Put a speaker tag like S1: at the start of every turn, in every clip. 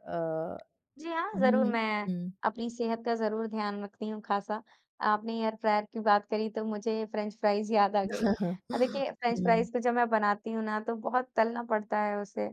S1: अ,
S2: जी हाँ,
S1: हुँ,
S2: ज़रूर
S1: हुँ।
S2: मैं,
S1: हुँ।
S2: अपनी सेहत का ज़रूर ध्यान रखती हूँ खासा। आपने एयर फ्रायर की बात करी तो मुझे फ्रेंच फ्राइज़ याद आ गई। अ, देखिए
S1: हुँ।
S2: फ़्रेंच-फ़्राइज़ को जब मैं बनाती हूँ ना तो बहुत तलना पड़ता है उसे।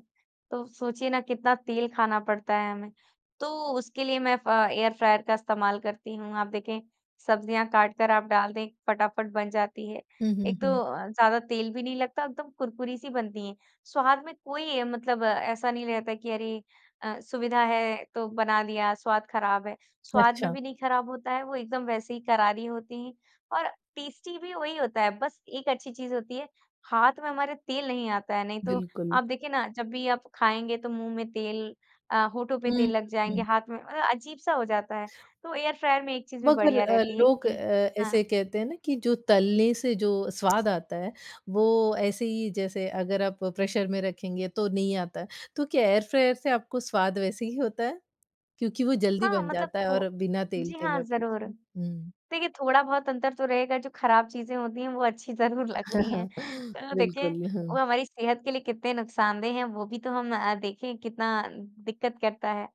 S2: तो सोचिए ना कितना तेल खाना पड़ता है हमें। तो उसके लिए मैं फ एयर फ्रायर का इस्तेमाल करती हूँ। आप देखें, सब्जियाँ काट कर आप डाल दें फटाफट बन जाती है
S1: हुँ, हुँ,
S2: एक तो
S1: हुँ।
S2: अ, ज़्यादा तेल भी नहीं लगता एकदम कुरकुरी सी बनती है। स्वाद में कोई मतलब ऐसा नहीं रहता कि अरे अ, सुविधा है तो बना दिया स्वाद ख़राब है। स्वाद में
S1: अच्छा।
S2: भी नहीं ख़राब होता है वो एकदम वैसे ही करारी होती हैं और टेस्टी भी वही होता है बस एक अच्छी चीज़ होती है हाथ में हमारे तेल नहीं आता है, नहीं तो
S1: बिल्कुल।
S2: आप देखिए ना जब भी आप खाएँगे तो मुँह में तेल अ, होठों पर
S1: हुँ,
S2: तेल लग जाएँगे
S1: हुँ।
S2: हाथ में मतलब अजीब सा हो जाता है तो एयर फ्रायर में एक चीज़ भी
S1: मगर
S2: बढ़िया
S1: अ,
S2: रहती है
S1: लोग अ,
S2: कि हाँ।
S1: ऐसे कहते हैं ना कि जो तलने से जो स्वाद आता है वो ऐसे ही जैसे अगर आप प्रेशर में रखेंगे तो नहीं आता है। तो क्या एयर फ्रायर से आपको स्वाद वैसे ही होता है? क्योंकि वो जल्दी
S2: हाँ,
S1: बन
S2: मतलब
S1: जाता है और
S2: थो
S1: बिना तेल
S2: जी
S1: के
S2: हाँ,
S1: मैं
S2: ज़रूर।
S1: पूछूँ? हुँ।
S2: देखिए थोड़ा बहुत अंतर तो रहेगा जो ख़राब चीज़ें होती हैं वो अच्छी ज़रूर लगती हैं। तो देखिए,
S1: बिल्कुल।
S2: वो हमारी सेहत के लिए कितने नुकसानदेह हैं वो भी तो हम अ, देखें कितना दिक्क़त करता है?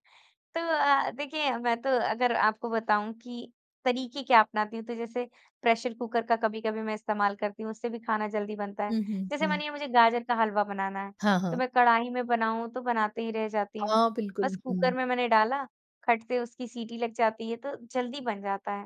S2: तो अ, देखिए मैं तो अगर आपको बताऊँ की तरीके क्या अपनाती हूँ? तो जैसे प्रेशर कुकर का कभी-कभी मैं इस्तेमाल करती हूँ, उससे भी खाना जल्दी बनता है।
S1: हुँ, हुँ,
S2: जैसे
S1: हुँ।
S2: मानिए मुझे गाजर का हलवा बनाना है,
S1: हाँ,
S2: तो
S1: हाँ।
S2: मैं कढ़ाई में बनाऊँ तो बनाते ही रह जाती हूँ।
S1: हाँ,
S2: बस
S1: बिल्कुल,
S2: कुकर
S1: हुँ।
S2: में मैंने डाला, खट से उसकी सीटी लग जाती है तो जल्दी बन जाता है।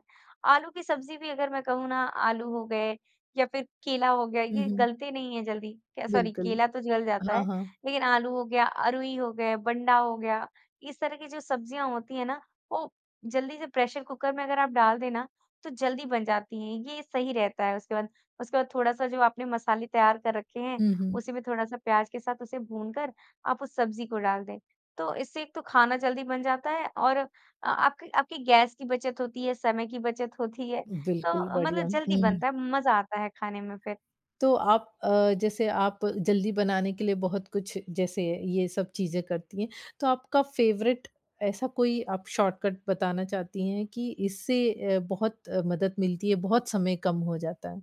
S2: आलू की सब्जी भी अगर मैं कहूँ ना आलू हो गए, या फिर केला हो गया
S1: हुँ,
S2: ये
S1: हुँ।
S2: गलते नहीं है जल्दी, क्या सॉरी
S1: बिल्कुल।
S2: केला तो जल जाता
S1: हाँ,
S2: है
S1: हाँ।
S2: लेकिन आलू हो गया अरूई हो गया, बंडा हो गया, इस तरह की जो सब्जियाँ होती हैं ना वो जल्दी से प्रेशर कुकर में अगर आप डाल दे ना, तो जल्दी बन जाती है। ये सही रहता है उसके बाद उसके बाद थोड़ा सा जो आपने मसाले तैयार कर रखे हैं
S1: हुँ, हुँ।
S2: उसी में थोड़ा-सा प्याज के साथ उसे भूनकर आप उस सब्जी को डाल दें। तो इससे एक तो खाना जल्दी बन जाता है और आपकी आपकी गैस की बचत होती है। समय की बचत होती है
S1: बिल्कुल
S2: तो
S1: बढ़िया,
S2: मतलब जल्दी
S1: हुँ।
S2: बनता है, मज़ा आता है खाने में फिर।
S1: तो आप अ, जैसे आप जल्दी बनाने के लिए बहुत कुछ जैसे ये सब चीज़ें करती हैं, तो आपका फेवरेट ऐसा कोई आप शॉर्टकट बताना चाहती हैं कि इससे अ, बहुत अ, मदद मिलती है बहुत समय कम हो जाता है।